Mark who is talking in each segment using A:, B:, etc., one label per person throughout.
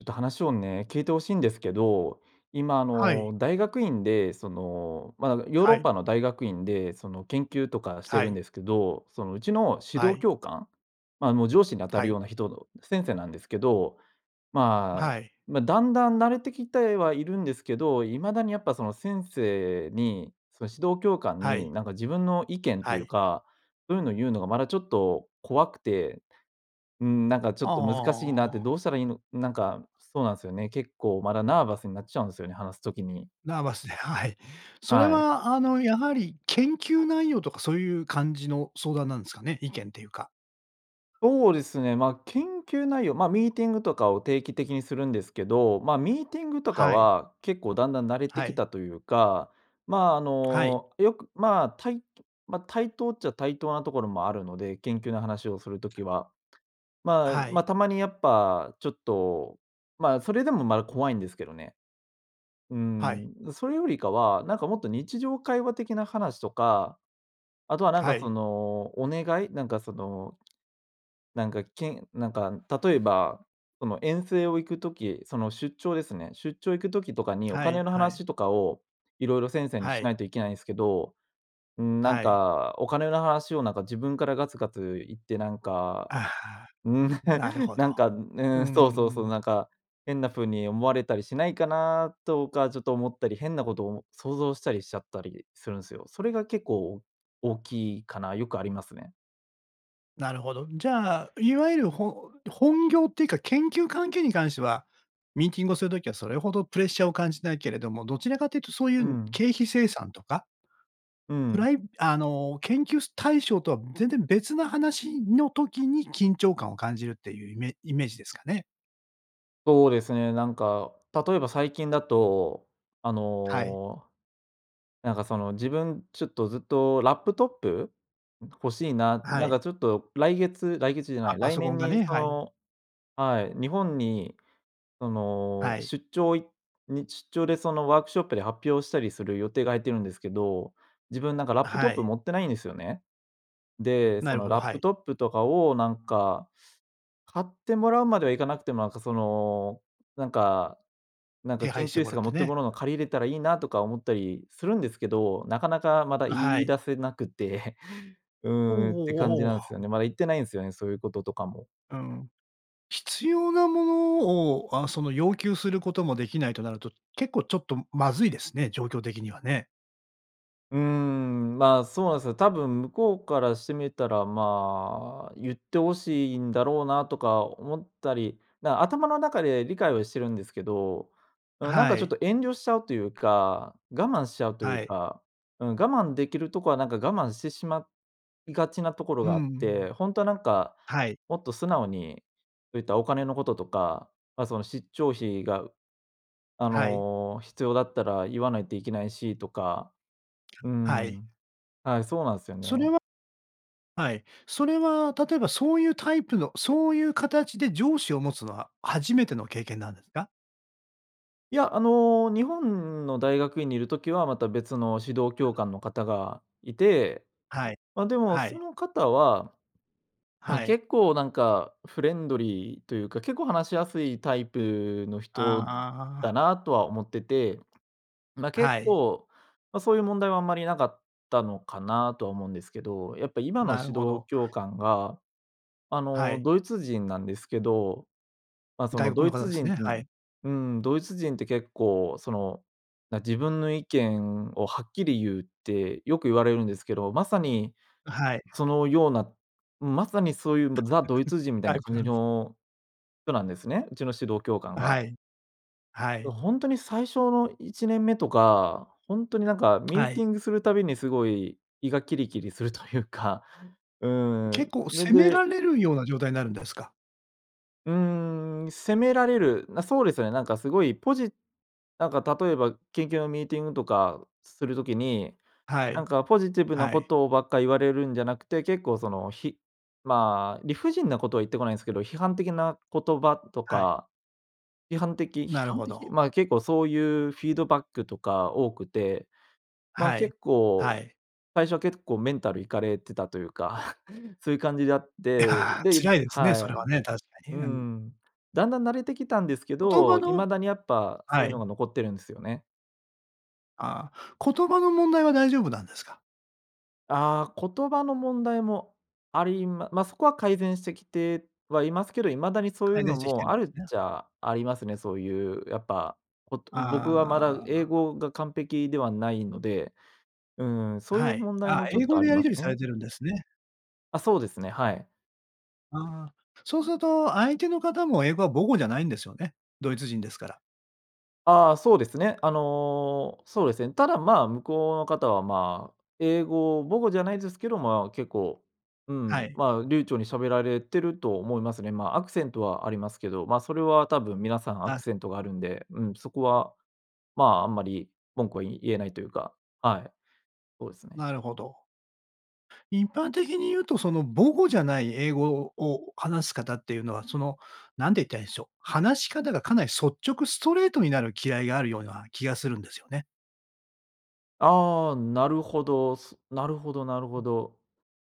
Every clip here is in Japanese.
A: んと話をね、聞いて欲しいんですけど、今、あ
B: はい。
A: の、大学院で、その、まあ、ヨーロ
B: は
A: ッ
B: い。
A: パの大学院でその研究とかして
B: は
A: るん
B: い。
A: ですけど、その、うちの指
B: は
A: 導
B: い。
A: 教官？まあ、あの、上司に当た
B: は
A: る
B: い。
A: ような人の、先生なんですけど、まあ、
B: はい。
A: ま、だんだん慣れてきてはいるんですけど、未だにやっぱその先生に、その指導教官
B: は
A: に
B: い。
A: なんか、自分の意見と
B: は
A: いう
B: い。
A: か、うんぬん言うのがまだちょっと怖くて、うーん、なんかちょ
B: ああ
A: っと難しい
B: ああ
A: なっ
B: あ
A: て、
B: あ。
A: どうしたらいいのなんか、そうなんすよね。結構、まだナーバスになっちゃうんすよね、話す時に。
B: ナーバスで、はい。それ
A: はい。
B: は、あの、やはり研究内容とかそういう感じの相談なんすかね？意見というか。
A: そうですね、ま、研究内容、ま、ミーティングとかを定期的にするんですけど、ま、ミーティングとか
B: はい。
A: は結構だんだん慣れて
B: は
A: き
B: い。
A: たというか、ま、あ
B: はい。
A: の、よく、ま、たいま、対等っちゃ対等なところもあるので、研究の話をするときは、ま
B: は
A: ま、
B: い。
A: たまにやっぱちょっと、ま、それでもまだ怖いんですけどね。う
B: はい。
A: ん、それよりかは、なんかもっと日常会話的な話とか、あとはなん
B: は
A: かそ
B: い。
A: の、お願い？なんかその、なんか、けんなんか、例えば、その遠征を行く時、その出張ですね。出張行く時とかにお
B: はい、
A: 金の
B: はい。
A: 話とかを、いろいろ先生に
B: は
A: し
B: い。
A: ないといけないんすけど。うん、なん
B: はい。
A: か、お金の話をなんか、自分からガツガツ言ってなんか、
B: あは、
A: うん、
B: なる ほど。
A: なんか、う
B: うー
A: ん、そうそうそう、
B: ん。
A: なんか、変な風に思われたりしないかな？とかちょっと思ったり、変なことも想像したりしちゃったりするんすよ。それが結構、お大きいかな？よくありますね。
B: なるほど。じゃあ、いわゆるほ本業っていうか研究関係に関しては、ミーティングをする時はそれほどプレッシャーを感じないけれども、どちらかというとそうい
A: う
B: う
A: ん。
B: 経費精算とか
A: う
B: プ
A: ん。
B: ライあの、研究す対象とは全然別な話の時に、緊張感を感じるっていうイメイメージですかね？
A: そうですね、なんか、例えば最近だと、あ
B: はい。
A: の、なんかその、自分ちょっとずっとラップトップ？欲しいな、
B: は
A: なん
B: い。
A: かちょっと来月来月じゃな
B: あ、
A: い、
B: パ
A: 来
B: ソコン
A: 年
B: が
A: に
B: ね、
A: そ
B: はい。
A: のはい、日本にその、
B: はい。
A: 出張いにちちょうでその、ワークショップで発表したりする予定が入ってるんですけど、自分なんかラップト
B: は
A: ップ
B: い。
A: 持ってないんですよね。で、そ
B: なる
A: の
B: ほど、
A: ラッ
B: は
A: プ
B: い。
A: トップとかをなんか、買ってもらうまでは行かなくても、なんかその、なんかなんか
B: 手
A: 研
B: 配して
A: 究
B: も
A: 室
B: らっ
A: が持
B: て
A: ってるも
B: ね。
A: のの借りれたらいいなとか思ったりするんですけど、なかなかまだ
B: あ、
A: 言
B: は
A: い
B: い。
A: 出せなくて、「う
B: おお
A: ーん」って感じ
B: おおお
A: なんすよ
B: お。
A: ね。まだ言ってないんすよね、そういうこととかも。
B: うん、必要なものを、あ、その要求することもできないとなると、結構ちょっとまずいですね、状況的にはね。
A: うーん、ま、そうなんすよ、多分向こうからしてみたら、ま、言って欲しいんだろうなとか思ったり、な、頭の中で理解はしてるんですけど、うん、なん
B: は
A: かちょっ
B: い。
A: と遠慮しちゃうというか、我慢しちゃうとい
B: は
A: う
B: い。
A: か、うん、我慢できるとこはなんか我慢してしまいがちなところ
B: うん
A: があ
B: う
A: っ
B: ん。
A: て、ほんとはなんか、
B: はい。
A: もっと素直に、そういったお金のこととか、ま、その、しっちょう費が、あ
B: はい。
A: の、必要だったら言わないといけないしとか。う
B: はい。
A: ん。はい、そうなんすよ
B: それ
A: ね。
B: ははい。それは例えば、そういうタイプの、そういう形で上司を持つのは初めての経験なんですか？
A: いや、あの、日本の大学院にいるときは、また、別の指導教官の方がいて、
B: はい。
A: ま、でも
B: は
A: そ
B: い。
A: の方は、ま、
B: はい。
A: 結構なんか、フレンドリーというか、結構話しやすいタイプの
B: あ
A: 人
B: あ
A: だ
B: あ。
A: なとは思ってて、ま、
B: は
A: 結
B: い。
A: 構そういう問題はあんまりなかったのかな？とは思うんですけど、やっぱ今の
B: なる
A: 指
B: ほ
A: 導
B: ど。
A: 教官が、あ
B: は
A: の、
B: い。
A: ドイツ人なんですけど、ま、その
B: 外国
A: ド
B: の
A: イ
B: 方
A: ツ
B: です
A: 人
B: ね、はい。
A: うん、うーん、ドイツ人って結構、その、な「自分の意見をはっきり言う」ってよく言われるんですけど、まさに、
B: あ、はい。
A: そのような、まさにそういう、ぶ ザ・ドイツ人みたい
B: タ
A: な
B: イ
A: 感
B: プな
A: じ
B: んす
A: の人なんですね。うちの指導教官
B: あ、
A: が。
B: はい。は
A: ど、
B: い。
A: ほんとに最初の1年目とか、ほんとになんか、ミー
B: は
A: テ
B: い。
A: ィングするたびにすごい胃がキリキリするというか、うーん、
B: 結構
A: ぬ、
B: 責めら
A: で
B: れるような状態なるんですか？
A: うーん、責められる、な、そうですよね、なんかすごいポジなんか例えば、研究のミーティングとかする時に、
B: は
A: なん
B: い。
A: かポジティブな
B: は
A: こ
B: い。
A: とをばっか言われるんじゃなくて、結構その、ひま、理不尽なことは言ってこないんすけど、批判的な言葉と
B: はい。
A: か、批判的批
B: なる
A: 判
B: ほ
A: 的？
B: ど。
A: ま、結構そういうフィードバックとか多くて、ま、
B: はい。
A: 結構、
B: はい。
A: 最初は結構メンタルいかれてたというか、そういう感じであって、
B: いや、
A: で
B: 辛いですね、
A: は
B: それ
A: い。
B: はね、確か
A: う
B: に。うん。
A: ん。だんだん慣れてきたんですけ
B: 言葉
A: ど、
B: の
A: 未だにやっぱそう
B: は
A: いうの
B: い。
A: が残ってるんすよね。
B: ああ、言葉の問題は大丈夫なんですか？
A: あ、言葉の問題もありまま、そこは改善してきてはいますけど、未だにそういう
B: 改
A: の
B: 善してきて
A: も
B: る
A: あ
B: んで
A: る
B: す
A: っ
B: ね。
A: ちゃありますね、そういうやっぱ、ぽと僕はまだ
B: あ
A: 英
B: あ。
A: 語が完璧ではないので、うん、そうい
B: は
A: う
B: い。
A: 問題
B: あ、
A: もちょっ
B: 英
A: と
B: 語
A: あ
B: で
A: り
B: やり
A: ま
B: 取
A: す
B: りされ
A: ね。
B: てるんですね。
A: あ、そうですね、はい。
B: あ、そうすると相手の方も英語は母語じゃないんですよね？ドイツ人ですから。
A: あ、そうですね。あの、そうですね。ただ、まあ、向こうの方は、まあ、英語母語じゃないですけど、まあ、結構、う
B: は
A: ん、
B: い。
A: まあ、流暢に喋られてると思いますね。まあ、アクセントはありますけど、ま、それは多分皆さんアク
B: あ。
A: セントがあるんで、うん、そこは、まあ、あんまり文句は言えないというか、はい、そうですね。
B: なるほど。一般的に言うとその母語じゃない英語をを話す方っていうのは、その何て言ったらいいんしょう、話し方がかなり率直、ストレートになるきらいがあるような気がするんですよね。
A: ああ、なるほど、すなるほどなる
B: う
A: ほ
B: ん。
A: ど。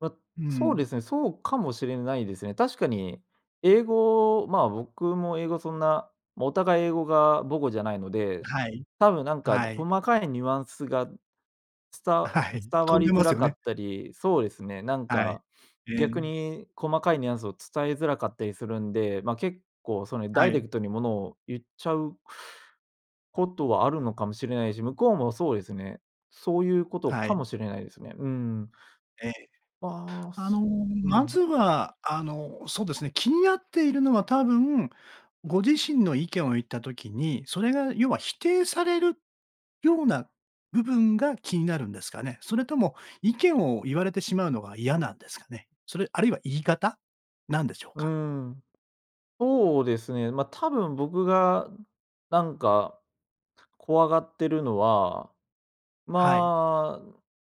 A: ま、
B: う
A: そう
B: ん。
A: ですね、そうかもしれないですね。確かに英語、まあ、僕も英語そんな、もうお互い英語が母語じゃないので、
B: はい。
A: 多分なんか
B: はい。
A: 細かいニュアンスが、つ
B: あ、
A: た
B: はい。
A: 伝わ
B: 飛ん
A: り
B: で
A: づ
B: ます
A: ら
B: よ
A: か
B: ね。
A: ったり、そうですね、なん
B: はい。
A: か、
B: え
A: 逆
B: え。
A: に細かいニュアンスを伝えづらかったりするんで、ま、結構そに
B: は
A: ダイレ
B: い。
A: クトにものを言っちゃうことはあるのかもしれないし、向こうもそうですね。そういうこと
B: は
A: か
B: い。
A: もしれないですね。うん。
B: ええ。
A: ば、
B: あの、
A: そう
B: まず
A: ん。
B: は、あの、そうですね、気になっているのは多分、ご自身の意見を言った時に、それが要は、否定されるような部分が気になるんですかね？それとも意見を言われてしまうのが嫌なんですかね？それ、あるいは言い方なんでしょう
A: う
B: か？
A: ん、そうですね、ま、多分僕がなんか、怖がってるのは、
B: はい。
A: ま、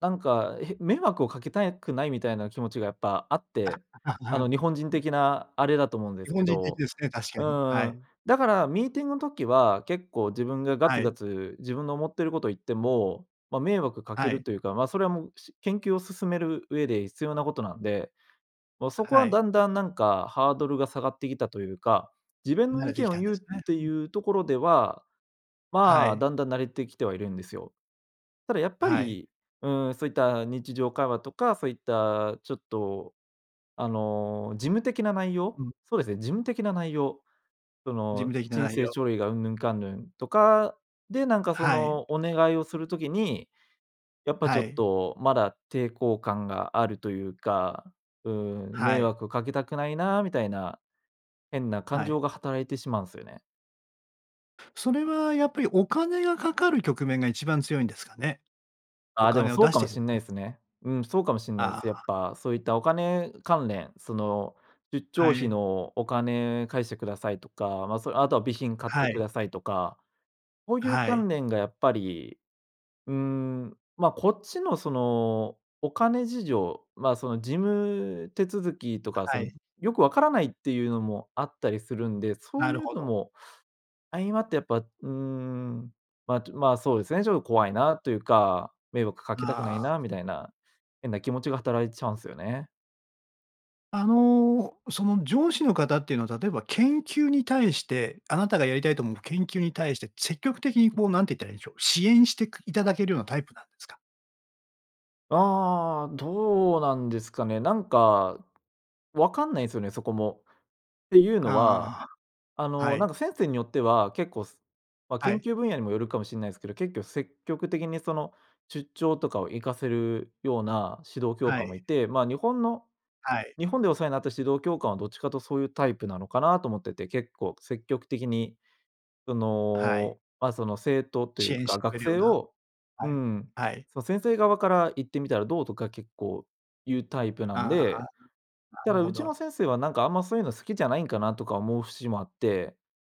A: なんか、へ、迷惑をかけたくないみたいな気持ちがやっぱあって、
B: あっ、あ、
A: あ
B: は
A: の、
B: ん、
A: 日本人
B: うん。
A: 的なあれだと思うんで
B: 日
A: すけ
B: 本人的
A: ど、
B: ですね、確か
A: う
B: に、は
A: ん、
B: い。
A: だからミーティング時は結構自分がガ
B: は
A: ツガ
B: い。
A: ツ、自分の思ってること言っても、ま、迷惑か
B: は
A: ける
B: い。
A: というか、ま、それはもう、し研究を進める上で必要なことなんで、ま、そこ
B: は
A: は
B: い。
A: だんだんなんか、ハードルが下がってきたというか、自分の
B: 慣れ
A: 意
B: てき
A: 見を
B: たん
A: 言
B: で
A: うっ
B: すね。
A: て
B: う
A: い
B: ん。
A: うところでは、
B: は
A: まあ、
B: い。
A: だんだん慣れてきてはいるんですよ。ただやっぱ
B: はい。
A: り、うん、そういった日常会話とか、そういったちょっと、あの、事務的な内
B: う
A: 容？
B: ん。
A: そうですね、事務的な内容、そ
B: 事
A: の、
B: 務的な
A: 申
B: 内
A: 請
B: 容。
A: 書類がうんぬんかんぬんとか、で、なんかそ
B: はい。
A: の、お願いをする時に、やっぱち
B: は
A: ょっ
B: い。
A: と、まだ抵抗感があるというか、うん
B: は
A: 「迷
B: い。
A: 惑をかけたくないな」みたいな、変な感
B: はい。
A: 情が働いてしまうんすよね。
B: それはやっぱりお金がかかる局面が一番強いんですかね？お
A: あ、でも
B: 金を
A: そう
B: 出し
A: か
B: て
A: も
B: いた
A: し
B: だ
A: んな
B: く。
A: いすね。うん、そうかもしんない
B: あ
A: す。やっ
B: あ。
A: ぱ、そういったお金関連、その、ゆっちょ
B: は
A: うひ
B: い。
A: のお金返してくださいとか、ま、そ、あとは備品買って
B: は
A: く
B: い。
A: ださいとか、ほういう
B: はい。
A: 関連がやっぱり、うん、ま、こっちのその、お金事情、まあ、その事務手続きとかそ
B: は
A: の、
B: い。
A: よくわからないっていうのもあったりするんで、そう
B: なる
A: いう
B: ほ
A: の
B: ど。
A: も、相まってやっぱ、うん、まとまあ、そうですね「ちょっと怖いな」というか「迷惑かけたくな
B: あ
A: い
B: あ。
A: な」みたいな、変な気持ちが働いちゃうんすよね。
B: あの、その上司の方っていうのは、例えば、研究に対して、あなたがやりたいと思う研究に対して積極的にこう、なんて言ったらいいんでしょう、支援してくいただけるようなタイプなんですか？
A: ああ、どうなんですかね。なんか、わかんないんすよね、そこも。っていうのは、
B: あ
A: あ
B: あ、は
A: の、な
B: い。
A: んか先生によっては結構、すま、
B: は
A: 研
B: い。
A: 究分野にもよるかもしんないすけど、けっきょ積極的にその出張とかを行かせるような指導教
B: は
A: 官も
B: い。
A: いて、ま、日本の
B: はい。
A: 日本でお世話になった指導教官は、どっちかとそういうタイプなのかな？と思ってて結構積極的に、そ
B: はい。
A: の、ま、その生徒とい
B: 支
A: う
B: 援し
A: か、
B: てく
A: 学
B: れるよう
A: 生
B: な、
A: をう
B: はい、
A: ん、
B: はい。
A: その先生側から「行ってみたらどう？」とか結構言うタイプなん
B: ああ、
A: で、
B: な
A: だか
B: る
A: らう
B: ほ
A: ちの
B: ど。
A: 先生はなんか「あんま、そういうの好きじゃないんかな？」とか思う節もあって、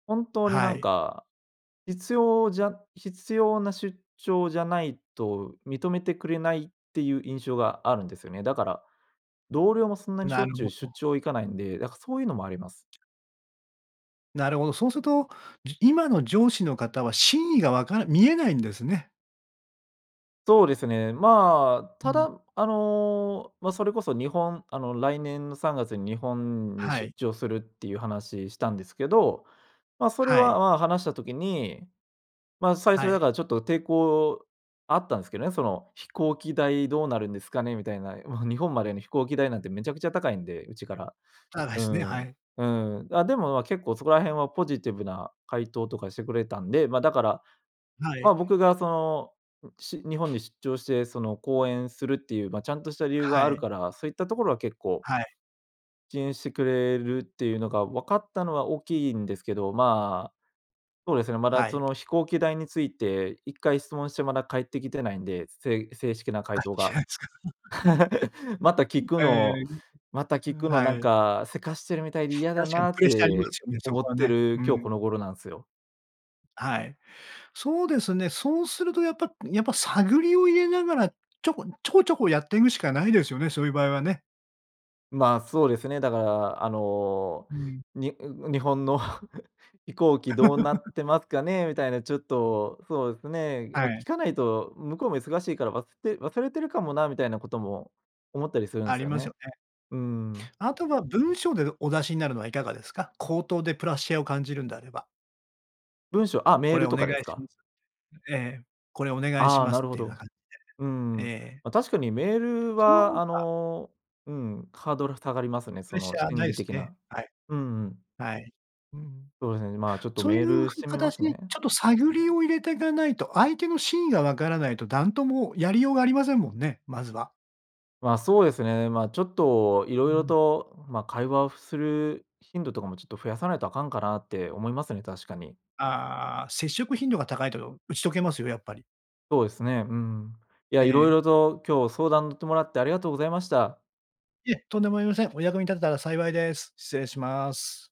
A: 本当に
B: は
A: なん
B: い。
A: か、必要じゃ必要な出張じゃないと認めてくれないっていう印象があるんですよね。だから同僚もそんなにしょ
B: な
A: っ
B: る
A: ちゅう
B: ほ
A: 出
B: ど。
A: 張行かないんで、だからそういうのもあります。
B: なるほど。そうすると、じ今の上司の方は真意がわから見えないんですね。
A: そうですね。まあ、
B: う
A: た
B: ん。
A: だあの、ま、それこそ日本、あの、来年の3月に日本に
B: は
A: 出
B: い。
A: 張するっていう話したんですけど、ま、それ
B: は
A: は、
B: い。
A: ま、話した時に、ま、最初
B: は
A: だ
B: い。
A: からちょっと抵抗あったんすけどね、その「飛行機代どうなるんですかね？」みたいな、日本までの飛行機代なんてめちゃくちゃ高いんで、うちから。
B: 高い
A: う
B: すね、は
A: ん、
B: い。
A: うん、あ、でも、ま、結構そこら辺はポジティブな回答とかしてくれたんで、ま、だから、
B: はい。
A: ま、僕がその、し日本に出張してその講演するっていう、ま、ちゃんとした理由が
B: は
A: ある
B: い。
A: から、そういったところは結構
B: はい。
A: 支援してくれるっていうのが分かったのは大きいんですけど、ま、そうですね、まだ、
B: は
A: そ
B: い。
A: の飛行機代について、一回質問してまだ返ってきてないんで、せい正式な回
B: が、
A: 答
B: 来て
A: が。
B: ないんすか。
A: また聞 く
B: ええ、
A: のまた聞く
B: あ、
A: のな
B: は
A: ん
B: い。
A: か、急かしてるみたいで嫌だ
B: 確かに
A: なっ
B: プレッシャーありま
A: て
B: すよね、そ
A: 思
B: こ
A: っ
B: は
A: て
B: ね。
A: る、
B: う
A: 今日
B: ん。
A: この頃なんすよ。
B: はい。そうですね。そうするとやっぱやっぱ探りを入れながら、ちょこちょこちょこやっていぐしかないですよね、そういう場合はね。
A: ま、そうですね。だから、あの
B: うん。
A: 「に 日本の 飛行機どうなっ てますかね？」みたいなちょっとそうですね、ま、
B: はい。
A: 聞かないと向こうも忙しいから忘れ忘れてるかもなみたいなことも、思ったりするん
B: あ
A: す
B: り
A: よ
B: ますよ
A: ね。
B: ね。
A: うーん。
B: あとは文章ででお出しになるのはいかがですか？口頭でプレッシャーを感じるんであれば。
A: 文章、あ、メ
B: 「こ
A: ー
B: れ
A: ル
B: お
A: と
B: 願
A: かで
B: い
A: す
B: し
A: か？
B: ます」ええ、「これお願いし
A: あ、
B: ます」
A: なる
B: っ
A: ほ
B: ていうような
A: ど。
B: 感で。
A: う
B: え
A: ん、
B: え。
A: ま、確かにメール
B: そのほ
A: は
B: う
A: あ
B: が
A: の、うん、ハードル下がりますね。
B: プ
A: そ
B: レッシ
A: の
B: ャー
A: 心
B: ない
A: 理
B: す
A: 的
B: ね。
A: な。
B: はい。
A: うんうん。
B: はい。うん。
A: そうですね、ま、ちょっと
B: そうい
A: メー
B: う
A: ルしてみま
B: 形
A: す
B: に、
A: ね。
B: ちょっと探りを入れてかないと、相手の真意がわからないと、なんともやりようがありませんもんね、まずは。
A: ま、そうですね。ま、ちょっと
B: うー
A: 色々
B: ん。
A: と、ま、会話をする頻度とかも、ちょっと増やさないとあかんかなって思いますね、確かに。
B: ああ、接触頻度が高いと打ち解けますよ、やっぱり。
A: そうですね。うん。いや、
B: え
A: 色
B: え。
A: 々と今日相談乗ってもらってありがとうございました。
B: いえ、とんでもありません。お役に立てたら幸いです。失礼します。